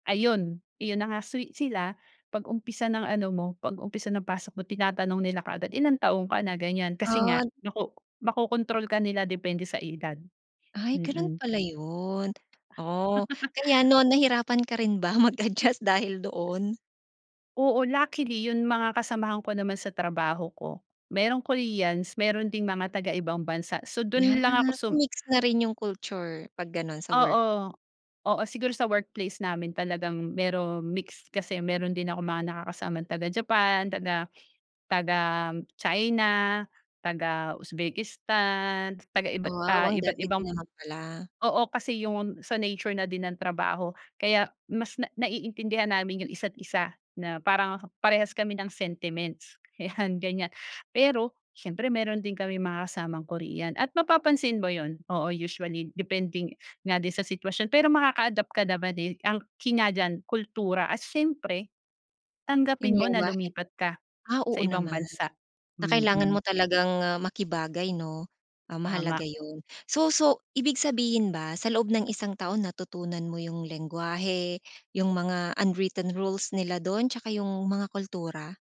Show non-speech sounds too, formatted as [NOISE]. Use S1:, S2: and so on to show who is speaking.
S1: Ayun! Yun na nga sweet sila 'pag umpisa ng ano mo, 'pag umpisa ng pasok mo tinatanong nila kaagad, "Ilang taon ka na?" Ganyan. Kasi nga,
S2: Od
S1: nako makokontrol ka nila depende sa edad.
S2: Ay ganun
S1: Mm.
S2: pala yun, oh. Kaya
S1: [CHUCKLES]
S2: noon nahirapan ka rin ba mag-adjust dahil doon?
S1: Oo, luckily yung mga kasamahan ko naman sa trabaho ko, merong Koreans, meron ding mga taga ibang bansa. So,
S2: Yan,
S1: dun lang ako sum
S2: mix na rin yung culture 'pag ganon sa work.
S1: Oo. Oo, siguro sa workplace namin talagang meron mixed kasi meron din akong mga nakakasama taga Japan, taga taga China, taga Uzbekistan, taga iba't
S2: Wow!
S1: ah,
S2: Ang
S1: iba't
S2: dami din
S1: ibang
S2: naman pala.
S1: oo kasi yung sa nature na din ng trabaho. Kaya mas na naiintindihan namin yung isa't isa na parang parehas kami ng sentiments, ayan ganyan. Pero siyempre meron din kaming mga kasamang Korean at mapapansin mo yun. Oo, usually, depending nga din sa sitwasyon. Pero makaka-adapt ka naman din, eh, ang key nga diyan kultura at siyempre,
S2: Yung
S1: tanggapin mo na
S2: lengguwahe?
S1: lumipat ka
S2: Ah,
S1: sa
S2: oo
S1: ibang
S2: naman
S1: bansa.
S2: na kailangan mo
S1: Mm.
S2: talagang, ah, makibagay, 'no? Ah,
S1: Tama.
S2: mahalaga yun. So, so, ibig sabihin ba sa loob ng isang taon natutunan mo yung lengguwahe, yung mga unwritten rules nila dun tsaka yung mga kultura?